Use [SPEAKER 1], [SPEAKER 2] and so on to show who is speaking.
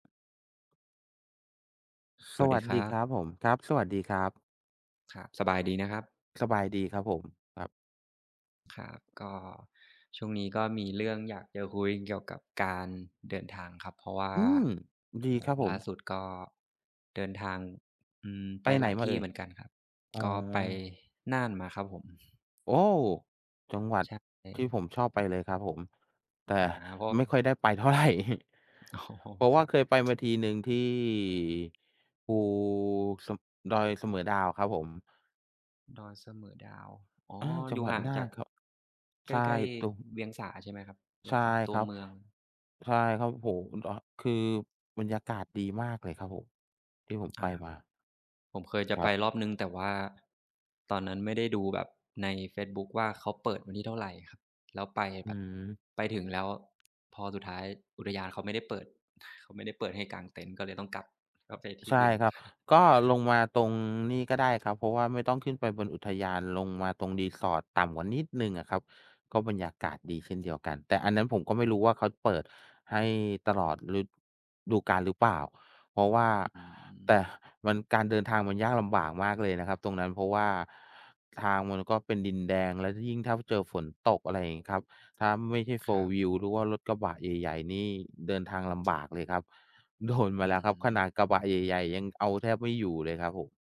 [SPEAKER 1] ส
[SPEAKER 2] ส
[SPEAKER 1] วัส
[SPEAKER 2] ว
[SPEAKER 1] ดี
[SPEAKER 2] ัส
[SPEAKER 1] คร
[SPEAKER 2] ด
[SPEAKER 1] ั
[SPEAKER 2] ี
[SPEAKER 1] บ
[SPEAKER 2] ครับผม ครับ สวัสดีครับ
[SPEAKER 1] ครับ สบายดีนะครับ?
[SPEAKER 2] สบายดีครับผม ครับ
[SPEAKER 1] ครับ ก็ช่วงนี้ก็มีเรื่องอยากจะคุยเกี่ยวกับการเดินทางครับ เพราะว่า
[SPEAKER 2] อืม ดี
[SPEAKER 1] อ๋
[SPEAKER 2] คร
[SPEAKER 1] อ
[SPEAKER 2] ับผ
[SPEAKER 1] ล่
[SPEAKER 2] ม
[SPEAKER 1] าสุดก็เดินทาง อือ ไ
[SPEAKER 2] ไ
[SPEAKER 1] ป
[SPEAKER 2] ปไห
[SPEAKER 1] ห
[SPEAKER 2] น
[SPEAKER 1] ลาย
[SPEAKER 2] ม
[SPEAKER 1] ท
[SPEAKER 2] าเ
[SPEAKER 1] ี
[SPEAKER 2] อ
[SPEAKER 1] ่
[SPEAKER 2] ่
[SPEAKER 1] เ
[SPEAKER 2] ย?
[SPEAKER 1] หมือนกันครับ
[SPEAKER 2] อ๋
[SPEAKER 1] ก็ไป
[SPEAKER 2] อ
[SPEAKER 1] น่านมาครับผม
[SPEAKER 2] โอ้ จังหวัด
[SPEAKER 1] ใช
[SPEAKER 2] ที่
[SPEAKER 1] ่
[SPEAKER 2] ผมชอบไปเลยครับผม แต่
[SPEAKER 1] อา เพราะ
[SPEAKER 2] ไม่ค่อยได้ไปเท่าไร
[SPEAKER 1] อ๋อ
[SPEAKER 2] เพราะว
[SPEAKER 1] ค
[SPEAKER 2] ่
[SPEAKER 1] ร
[SPEAKER 2] า
[SPEAKER 1] ั
[SPEAKER 2] เ
[SPEAKER 1] บ
[SPEAKER 2] คยไป มาทีหนึ่ง ที่ภู ส ดอยเสมอดาวครับผม
[SPEAKER 1] ดอยเสมอดาว อ๋อ
[SPEAKER 2] อา จั
[SPEAKER 1] อย
[SPEAKER 2] ง
[SPEAKER 1] ู่
[SPEAKER 2] หวั
[SPEAKER 1] ห
[SPEAKER 2] ด
[SPEAKER 1] ่าง
[SPEAKER 2] น่า
[SPEAKER 1] จา
[SPEAKER 2] น
[SPEAKER 1] ก
[SPEAKER 2] ครับ
[SPEAKER 1] ใก
[SPEAKER 2] ใช่
[SPEAKER 1] ล้
[SPEAKER 2] ตุม
[SPEAKER 1] ๆ เวียงสาใช่ไหมครับ? เวี
[SPEAKER 2] ใช
[SPEAKER 1] ยง
[SPEAKER 2] ่
[SPEAKER 1] สาตั
[SPEAKER 2] ค
[SPEAKER 1] ว
[SPEAKER 2] รับ
[SPEAKER 1] เมือง
[SPEAKER 2] ใช่ครับผม อ อ คือบรรยากาศดีมากเลยครับผม ที่ผม
[SPEAKER 1] อ
[SPEAKER 2] ไป
[SPEAKER 1] า
[SPEAKER 2] มา
[SPEAKER 1] ผมเคยจะ
[SPEAKER 2] คร
[SPEAKER 1] ไป
[SPEAKER 2] ับ
[SPEAKER 1] รอบหนึ่ง แต่ว่าตอนนั้นไม่ได้ดูแบบในเฟซบุ๊กว่าเขาเปิดวันที่เท่าไรครับ แล้วไป
[SPEAKER 2] อ
[SPEAKER 1] แ
[SPEAKER 2] ื
[SPEAKER 1] บบ
[SPEAKER 2] ม
[SPEAKER 1] ไปถึงแล้วพอสุดท้ายอุทยานเขาไม่ได้เปิด เขาไม่ได้เปิดให้กางเต็นท์ก็เลยต้องกลับ ก็ไปที
[SPEAKER 2] ใ
[SPEAKER 1] ่
[SPEAKER 2] ช่
[SPEAKER 1] อื่น
[SPEAKER 2] ครับ ก็ลงมาตรงนี่ก็ได้ครับ เพราะว่าไม่ต้องขึ้นไปบนอุทยาน ลงมาตรง resort ต่ำกว่านิดหนึ่งอะครับ ก็บรรยากาศดีเช่นเดียวกัน แต่อันนั้นผมก็ไม่รู้ว่าเขาเปิดให้ตลอด ฤดูกาลหรือเปล่า เพราะว่า
[SPEAKER 1] อ
[SPEAKER 2] แ
[SPEAKER 1] ืม
[SPEAKER 2] ต่มัน การเดินทางมันยากลำบากมากเลยนะครับตรงนั้น เพราะว่าทางมันก็เป็นดินแดง และ ล ยิ่งถ้าเจอฝนตก อะไรอย่างงี้ครับ ถ้าไม่ใช่
[SPEAKER 1] คร
[SPEAKER 2] Four
[SPEAKER 1] ับ
[SPEAKER 2] wheel หรือว่ารถกระบะใหญ่ ๆ นี่เดินทางลำ บากเลยครับ โดนมา
[SPEAKER 1] อื
[SPEAKER 2] แล้วครับขน
[SPEAKER 1] ม
[SPEAKER 2] าดกระบะใหญ่ ๆ ยังเอาแทบไม่อยู่เลยครับผม